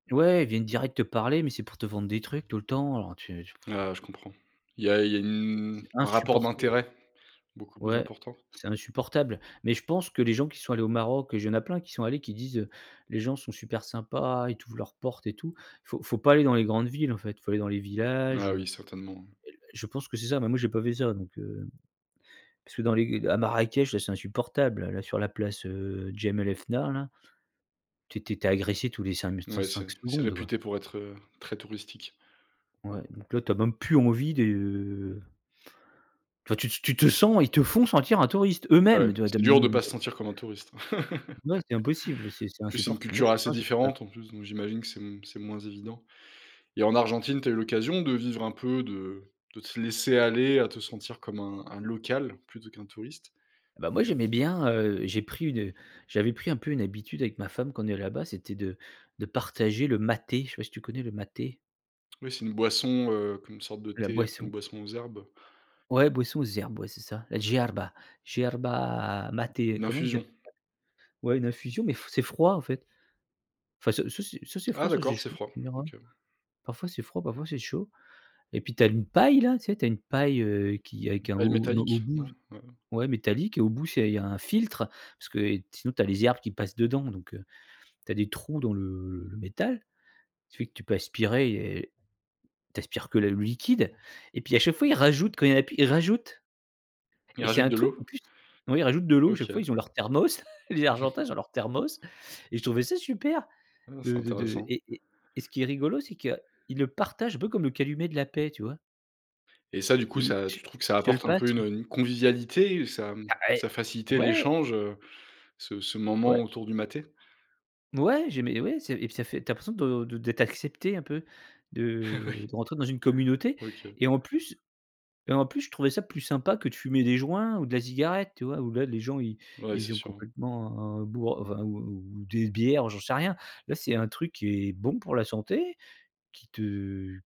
Ouais, ils viennent direct te parler, mais c'est pour te vendre des trucs tout le temps, alors tu tu Heu, je comprends. Il y a il y a Tu c'est c'est une un rapport insupportable d'intérêt beaucoup plus ouais, important. c'est insupportable, mais je pense que les gens qui sont allés au Maroc et il y a plein qui sont allés qui disent: «Les gens sont super sympas, ils t'ouvrent leurs portes» et tout. Faut faut pas aller dans les grandes villes, en fait, faut aller dans les Ah villages, heu, oui, certainement, oui. et l et l je pense que c'est ça, mais moi, j'ai pas fait ça, donc, heu, parce que dans les à Marrakech là, c'est insupportable, là, sur la place, heu, Jemaa el-Fna là. Tu es tu es tu es agressé tous les 5 m cinq Ouais, cinq c'est c'est secondes, quoi. réputé pour être, heu, très touristique. Ouais, donc là tu as même plus envie de Enfin tu tu tu te sens ils te font sentir un touriste eux-mêmes, Ouais. tu vois, tu as C'est dur de même pas se [unintelligible] sentir comme un touriste. Ouais, c'est impossible, c'est c'est En plus, c'est une insupportable, moi, culture je trouve ça assez insupportable. différente en plus, donc, j'imagine que c'est m c'est moins évident. Et en Argentine, tu as eu l'occasion de vivre un peu, de de te laisser aller à te sentir comme un un local plutôt qu'un touriste. Bah moi, j'aimais bien, heu, j'ai pris une j'avais pris un peu une habitude avec ma femme quand on est là-bas, c'était de de partager le maté. Je sais pas si tu connais le maté? Oui c'est une boisson, heu, comme une sorte de La thé, enfin boisson. une boisson aux herbes. Ouais, boisson aux herbes, ouais, c'est ça, la hierba hierba Mmh. maté, Une comment ils appellent infusion. ça? Ouais, une infusion, mais f c'est froid, en fait. Enfin ça soit c'est soit c'est froid, Ah soit c'est d'accord, c'est chaud, froid, tu me diras. OK. Parfois, c'est froid, parfois, c'est chaud. Et puis, tu as une paille là, tu sais, tu as une paille, heu, qui est Une qui est un paille au n au métallique, bout, non? Ouais. ouais, métallique et au bout, c'est il y a un filtre, parce que sinon tu as les herbes qui passent dedans, donc, heu, tu as des trous dans le le le métal, ce qui fait que tu peux aspirer et tu aspires que la le liquide. Et puis, à chaque fois, ils rajoutent quand il y en a plus, ils rajoutent. Ils Et c'est rajoutent un de truc, en l'eau. plus, oui ils rajoutent de l'eau à chaque fois, OK. ils ont leur Thermos, les Argentins, ils ont leur Thermos et je trouvais ça super. Ah, c'est De de de intéressant. et et et ce qui est rigolo, c'est qu'ils le partagent un peu comme le calumet de la paix, tu vois? Et ça, du coup, Et ils ça se tu trouves que ça ils se le apporte un peu passent. une, heu, une convivialité, ça Ah eh, ça facilitait ouais. l'échange, heu, ce ce moment Ouais. autour du maté? Ouais, j'aimais, ouais, c'est et puis ça fait tu as l'impression de de d'être accepté un peu, de Oui. de rentrer dans une communauté OK. et en plus et en plus, je trouvais ça plus sympa que de fumer des joints ou de la cigarette. Tu vois, où, là, les gens, ils Ouais, c'est ils ont sûr. complètement boi vin ou ou des bières, j'en sais rien. Là, c'est un truc qui est bon pour la santé, qui te